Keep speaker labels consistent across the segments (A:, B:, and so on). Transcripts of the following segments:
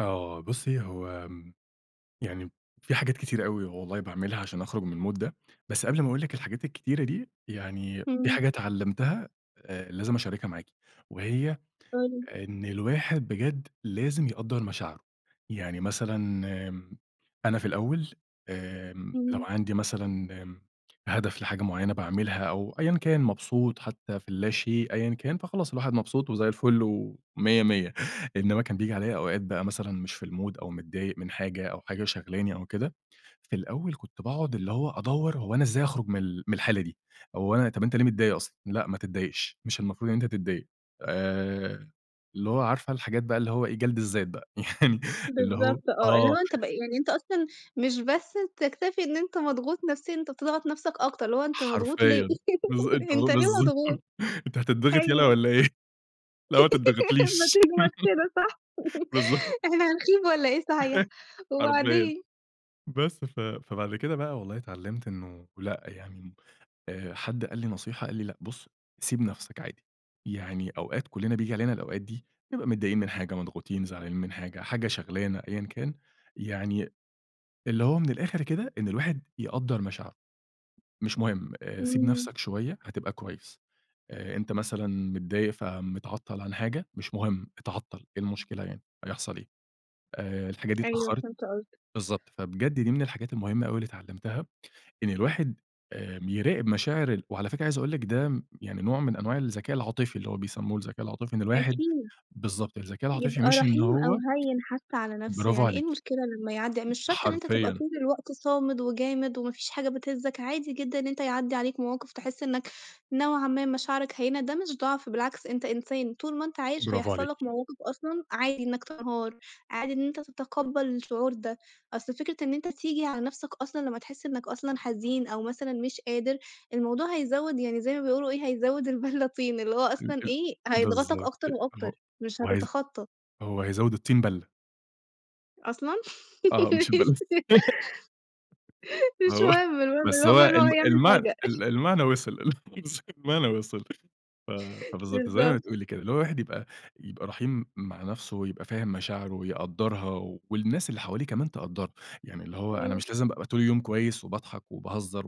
A: آه. بُصّي، هو آمم، يعني فيه حاجات كتيرة أوي والله باعملها عشان أخرُج من الmood ده، بس قبل ما أقول لِك الحاجات الكتيرة دي، يعني فيه
B: إمم.
A: حاجة اتعلمتها آآ، لازم أشاركها معاكِ، وهي
B: قل لي.
A: إن الواحد بجد لازم يقدَّر مشاعره، يعني مثلًا آمم، أنا في الأول آمم، لو
B: إمم.
A: عندي مثلًا هدف لحاجة معيّنة باعملها أو أيًّا كان، مبسوط حتى في اللاشيء أيًّا كان، فخلاص الواحد مبسوط وزي الفل ومِيَّة مِيَّة، إنما كان بييجي عليَّ أوقات بقى مثلًا مش في الmood أو متضايق من حاجة أو حاجة شاغلاني أو كده، في الأول كنت باقعد اللي هو أدوَّر هو أنا إزاي اخرُج من ال من الحالة دي، هو أنا طَب أنت ليه متضايق أصلًا؟ لأ ما تتضايقش، مش المفروض إن أنت تتضايق، آآ، اللي هو عارفة الحاجات بقى اللي هو جَلْد الذات بقى، يعني اللي هو
B: بالضبط آه. اللي هو
A: آه.
B: أنت ب يعني أنت أصلًا مش بس بتكتفي إن أنت مضغوط نفسيًا، أنت بتضغط نَفْسك أكتر، اللي هو أنت مضغوط ليه؟
A: حرفيًا، بالض أنت
B: أنت ليه
A: [unintelligible] بالضبط.
B: مضغوط؟
A: أنت هتضّغِط يَلَا
B: أيوه.
A: والّا إيه. لأ ما
B: ما
A: تضّغطليش.
B: تجمد كده صح.
A: بالض
B: إحنا هنخيب والّا إيه صحيح.
A: حرفيًا،
B: وبعدين؟
A: بس ف فبعد كده بقى والله اتعلمت إنه لأ يعني، آآ، حد قال لي نصيحة قال لي: "لأ بُصّ سيب نَفْسك عادي، يعني أوقات كلنا بييجي علينا الأوقات دي نبقى متضايقين من حاجة، مضغوطين، زعلانين من حاجة، حاجة شاغلانا أيًّا كان، يعني اللي هو من الآخر كده إن الواحد يقدَّر مشاعره، مش مهم سيب
B: إمم.
A: نَفْسك شوية هتبقى كويس، آآ، أنت مثلًا متضايق فمتعطل عن حاجة، مش مهم إتعطل، إيه المشكلة يعني هيحصل إيه، آآ، الحاجة دي
B: أيوه
A: اتأخّرِت"،
B: فهمت قصدك.
A: بالضبط. فبجد دي من الحاجات المهمة أوي اللي اتعلمتها إن الواحد آمم، يراقب مشاعر ال وعلى فكرة عايز أقول لِك ده يعني نوع من أنواع الذكاء العاطفي، اللي هو بيسموه الذكاء العاطفي إن الواحد
B: أكيد.
A: بالضبط، الذكاء العاطفي
B: يبقى
A: مش إن
B: رحيم أو
A: هو
B: هيِّن حتى على نَفْسه،
A: برافو
B: يعني إيه
A: عليكِ.
B: المشكلة لمّا يعدِّي ع مش شرط إن أنت تبقى
A: حرفيًا.
B: طول الوقت صامد وجامد، وما فيش حاجة بتهزك، عادي جدًا إن أنت يعدِّي عليك مواقف تحس إنك نوعًا ما مشاعرك هيّنة، ده مش ضَعْف، بالعكس أنت إنسان، طول ما أنت عايش
A: برافو
B: هيحصل لك
A: عليكِ.
B: مواقف أصلًا عادي إنك تنهار، عادي إن أنت تتقبَّل الشعور ده، أصل فكرة إن أنت تيجي على نَفْسك أصلًا لمّا تحس إنك أصلًا حزين أو مثلًا مش قادر، الموضوع هيزوِّد يعني زي ما بيقولوا إيه، هيزوِّد البَلَّة طين، اللي هو
A: ال
B: أصلًا
A: ال
B: إيه هيضغطك
A: بالضبط.
B: أكتر
A: أ
B: وأكتر، مش
A: هو هيز
B: هتتخطى.
A: هو هيزوِّد الطين بَلَّة.
B: أصلًا!
A: آه، مش البَلَّ
B: ماشي. مش
A: آه،
B: مهم، المهم
A: بس هو
B: المهم إن هو
A: ال
B: يعمل
A: المع
B: حاجة.
A: ال المعنى وصل، [unintelligible] [unintelligible] المعنى وصل، ف فبالضبط زي ما
B: بالضبط.
A: بتقولي كده، اللي هو الواحد يبقى يبقى رحيم مع نَفْسه ويبقى فاهم مشاعره ويقدَّرها، والناس اللي حواليه كمان تقدَّرها، يعني اللي هو أنا
B: إمم.
A: مش لازم ابقى طول اليوم كويس وباضحك وباهزر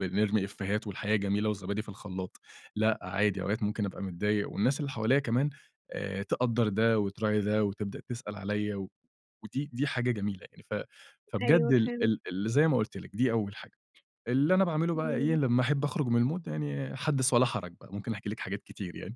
A: وبنرمي إيفيهات والحياة جميلة وزبادي في الخلاط، لأ عادي أوقات ممكن أبقى متضايق والناس اللي حواليَّ كمان آآ، تقدَّر ده وتراعي ده وتبدأ تسأل عليَّ، ودي دي حاجة جميلة يعني، ف فبجد
B: أيوه
A: ال
B: فهمت.
A: ال ال زي ما قلت لِك دي أول حاجة، اللي أنا باعمله بقى إيه
B: إمم.
A: لمّا احب أخرُج من الmood يعني حَدِّث ولا حَرَج بقى، ممكن أحكي لِك حاجات كتير يعني.